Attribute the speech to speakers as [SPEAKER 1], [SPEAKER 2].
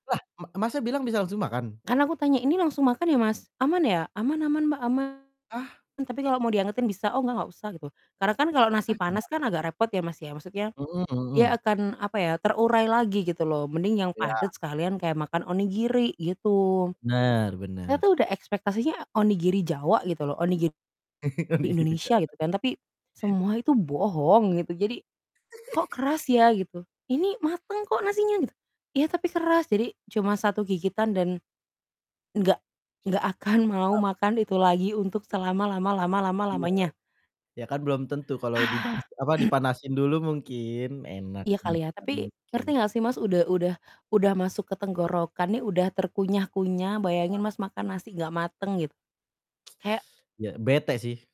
[SPEAKER 1] Lah ma Masnya bilang bisa langsung makan?
[SPEAKER 2] Kan aku tanya, "Ini langsung makan ya, Mas? Aman ya?" "Aman aman, Mbak, aman,
[SPEAKER 1] Ah.
[SPEAKER 2] tapi kalau mau diangetin bisa." "Oh, enggak, enggak usah." Gitu. Karena kan kalau nasi
[SPEAKER 1] Ah, gima
[SPEAKER 2] panas kan agak repot ya, Mas, ya, maksudnya
[SPEAKER 1] Mhm
[SPEAKER 2] dia
[SPEAKER 1] mhm.
[SPEAKER 2] akan, apa ya, terurai lagi gitu loh, mending yang
[SPEAKER 1] Iya.
[SPEAKER 2] padat sekalian kayak makan onigiri, gitu.
[SPEAKER 1] Bener
[SPEAKER 2] Saya
[SPEAKER 1] bener.
[SPEAKER 2] tuh udah ekspektasinya onigiri Jawa gitu loh, onigiri
[SPEAKER 1] Onigiri
[SPEAKER 2] Indonesia
[SPEAKER 1] Jawa.
[SPEAKER 2] gitu kan, tapi semua itu bohong gitu. Jadi, "Kok keras ya?" Gitu, "Ini mateng kok nasinya." Gitu, "Iya, tapi keras." Jadi cuma satu gigitan dan enggak enggak akan mau
[SPEAKER 1] Trauma?
[SPEAKER 2] makan itu lagi untuk selama lama lama lama
[SPEAKER 1] Iya
[SPEAKER 2] lamanya.
[SPEAKER 1] m iya kan belum tentu kalau dipanas apa, dipanasin dulu mungkin enak,
[SPEAKER 2] Iya kali ya,
[SPEAKER 1] beneran
[SPEAKER 2] tapi
[SPEAKER 1] mungkin.
[SPEAKER 2] ngerti enggak sih, Mas, udah udah udah masuk ke tenggorokan nih, udah terkunyah-kunyah, bayangin,
[SPEAKER 1] Paham.
[SPEAKER 2] Mas, makan nasi enggak mateng gitu, kayak
[SPEAKER 1] Iya, bete sih.